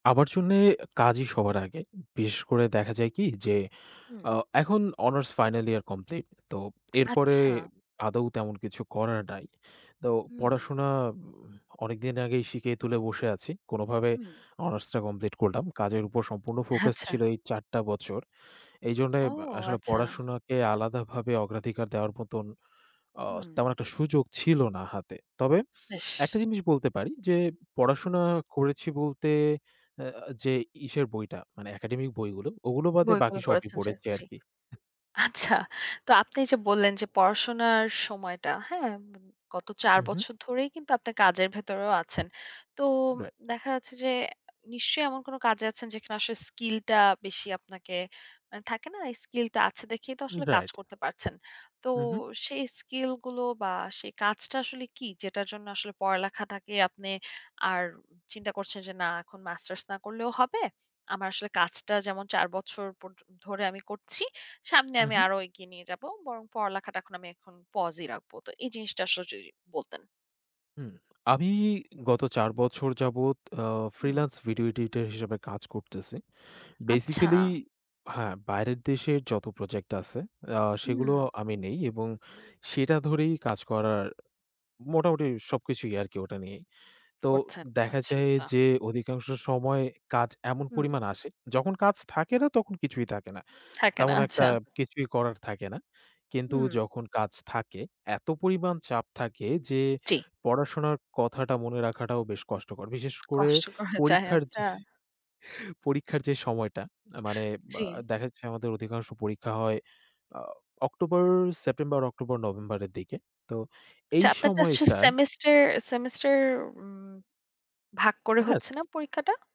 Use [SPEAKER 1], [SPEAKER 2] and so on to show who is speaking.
[SPEAKER 1] আমার জন্যে কাজই সবার আগে, বিশেষ করে দেখা যায় কি যে,
[SPEAKER 2] উম।
[SPEAKER 1] আ এখন অনার্স ফাইনাল ইয়ার কমপ্লিট, তো এরপরে
[SPEAKER 2] আচ্ছা।
[SPEAKER 1] আদৌ তেমন কিছু করার নাই। তো
[SPEAKER 2] উম।
[SPEAKER 1] পড়াশোনা উম অনেকদিন আগেই শিকেই তুলে বসে আছি, কোনোভাবে
[SPEAKER 2] উম।
[SPEAKER 1] অনার্সটা কমপ্লিট করলাম। কাজের উপর সম্পূর্ণ ফোকাস
[SPEAKER 2] আচ্ছা।
[SPEAKER 1] ছিল এই ৪ টা বছর। এইজন্য
[SPEAKER 2] ও!
[SPEAKER 1] এব আসলে
[SPEAKER 2] আচ্ছা।
[SPEAKER 1] পড়াশোনাকে আলাদাভাবে অগ্রাধিকার দেওয়ার মতন, আ
[SPEAKER 2] হুম।
[SPEAKER 1] তেমন একটা সুযোগ ছিল না হাতে, তবে একটা
[SPEAKER 2] ইস!
[SPEAKER 1] জিনিস বলতে পারি যে,
[SPEAKER 2] উম।
[SPEAKER 1] পড়াশোনা করেছি বলতে এ আ যে ইসের বইটা, মানে একাডেমিক বইগুলো ওগুলো বাদে
[SPEAKER 2] বইগুলো
[SPEAKER 1] বাকি সবই
[SPEAKER 2] পড়েনছেন ছে
[SPEAKER 1] পড়েছি
[SPEAKER 2] জি।
[SPEAKER 1] আরকি। আহ!
[SPEAKER 2] আচ্ছা! তো আপনি যে বললেন যে পড়াশোনার সময়টা, হ্যাঁ, গত ৪
[SPEAKER 1] উহু।
[SPEAKER 2] বছর ধরেই কিন্তু আপনার কাজের ভেতরেও আছেন। তো
[SPEAKER 1] রাইট।
[SPEAKER 2] দেখা যাচ্ছে যে, নিশ্চয়ই এমন কোনো কাজে আছেন যেখানে আসলে স্কিলটা বেশি আপনাকে আ থাকে না? এই স্কিলটা আছে দেখেই তো
[SPEAKER 1] উম,
[SPEAKER 2] আসলে কাজ
[SPEAKER 1] রাইট।
[SPEAKER 2] করতে পারছেন। তো,
[SPEAKER 1] উহু।
[SPEAKER 2] সেই স্কিল গুলো বা সেই কাজটা আসলে কী? যেটার জন্য আসলে পড়ালেখাটাকে আপনি আর চিন্তা করছেন যে, না এখন মাস্টার্স না করলেও হবে। আমার আসলে কাজটা যেমন ৪ বছর পর্যন্ত, ধরে আমি করছি। সামনে আমি
[SPEAKER 1] উহু।
[SPEAKER 2] আরও এগিয়ে নিয়ে যাবো। বরং পড়ালেখাটা এখন আমি এখন পজই রাখবো, তো এই জিনিসটা আসলে যদি বলতেন।
[SPEAKER 1] উম, আমি, গত ৪ বছর যাবৎ আ
[SPEAKER 2] উম।
[SPEAKER 1] ফ্রিল্যান্স ভিডিও এডিটর হিসাবে কাজ করতেছি।
[SPEAKER 2] আচ্ছা!
[SPEAKER 1] বেসিক্যালি হ্যাঁ, বাইরের দেশের যত প্রজেক্ট আছে, আ সেগুলো
[SPEAKER 2] উম।
[SPEAKER 1] আমি নেই এবং সেটা ধরেই কাজ করার মোটামুটি সবকিছুই আরকি ওটা নিয়েই। তো
[SPEAKER 2] করছেন,
[SPEAKER 1] দেখা
[SPEAKER 2] আচ্ছা,
[SPEAKER 1] যায়
[SPEAKER 2] আচ্ছা।
[SPEAKER 1] যে, অধিকাংশ সময় কাজ এমন
[SPEAKER 2] উম।
[SPEAKER 1] পরিমাণে আসে, যখন কাজ থাকে না তখন কিছুই থাকে না।
[SPEAKER 2] থাকে না,
[SPEAKER 1] তেমন একটা
[SPEAKER 2] আচ্ছা।
[SPEAKER 1] কিছুই করার থাকে না। কিন্তু
[SPEAKER 2] উম।
[SPEAKER 1] যখন কাজ থাকে, এত পরিমাণ চাপ থাকে যে,
[SPEAKER 2] জি।
[SPEAKER 1] পড়াশোনার কথাটা মনে রাখাটাও বেশ কষ্টকর। বিশেষ করে,
[SPEAKER 2] কষ্ট করা যায়,
[SPEAKER 1] পরীক্ষার যে
[SPEAKER 2] আচ্ছা।
[SPEAKER 1] পরীক্ষার যে সময়টা, আ মানে বা
[SPEAKER 2] জি।
[SPEAKER 1] দেখা যাচ্ছে আমাদের অধিকাংশ পরীক্ষা হয় আ অক্টোবর, সেপ্টেম্বর, অক্টোবর, নভেম্বরের দিকে। তো
[SPEAKER 2] আচ্ছা,
[SPEAKER 1] এই
[SPEAKER 2] আপনারটা আসছে
[SPEAKER 1] সময়টায়
[SPEAKER 2] সেমেস্টার, সেমেস্টার! উম, ভাগ করে হচ্ছে
[SPEAKER 1] হ্যাঁ।
[SPEAKER 2] না পরীক্ষাটা?